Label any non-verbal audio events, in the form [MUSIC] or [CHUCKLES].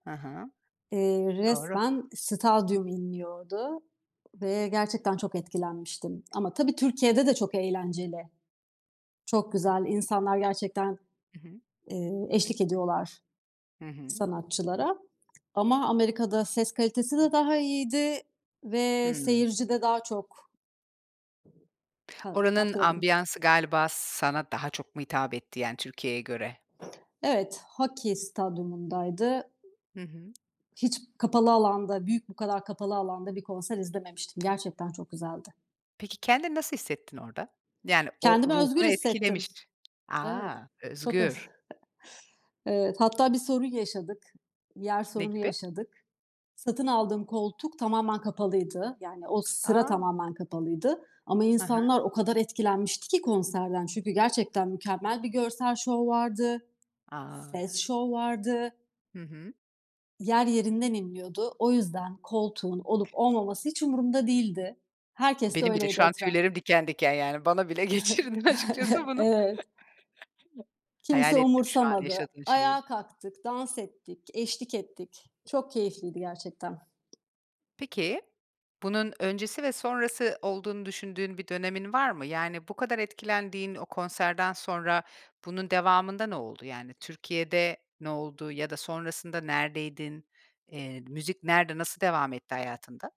Ha ha. Eee, Doğru. resmen stadyum inliyordu ve gerçekten çok etkilenmiştim ama tabii Türkiye'de de çok eğlenceli. Çok güzel. İnsanlar gerçekten, Hı hı. eee, eşlik ediyorlar Hı hı. sanatçılara ama Amerika'da ses kalitesi de daha iyiydi ve Hımm. seyirci de daha çok ...ka Oranın katkıda bulun ambiyansı galiba sana daha çok mu hitap etti yani Türkiye'ye göre? Evet, hokey stadyumu'ndaydı. Hı hı. Hiç kapalı alanda, büyük bu kadar kapalı alanda bir konser izlememiştim. Gerçekten çok güzeldi. Peki kendini nasıl hissettin orada? Yani o Kendimi özgür ruhunu hissettim. etkilemiş. A! Evet, çok az. Özgür. [CHUCKLES] Evet. Hatta bir sorun yaşadık. Yer Ne sorunu gibi? yaşadık. Satın aldığım koltuk tamamen kapalıydı. Yani o sıra A! tamamen kapalıydı ama Ha ha. insanlar o kadar etkilenmişti ki konserden çünkü gerçekten mükemmel bir görsel şov vardı, A! ses şov vardı. Hı hı. Yer yerinden inliyordu. O yüzden koltuğun olup olmaması hiç umurumda değildi. Herkes de Benim bile öyleydi şu an etraf tüylerim diken diken yani bana bile geçirdin açıkçası [CHUCKLES] bunu Evet. [CHUCKLES] hayal Kimse ettim şu an umursamadı. yaşadığım şeyi. Ayağa kalktık, dans ettik, eşlik ettik. Çok keyifliydi gerçekten. Peki, bunun öncesi ve sonrası olduğunu düşündüğün bir dönemin var mı? Yani bu kadar etkilendiğin o konserden sonra bunun devamında ne oldu? Yani Türkiye'de ne oldu ya da sonrasında neredeydin? Eee, müzik nerede, nasıl devam etti hayatında?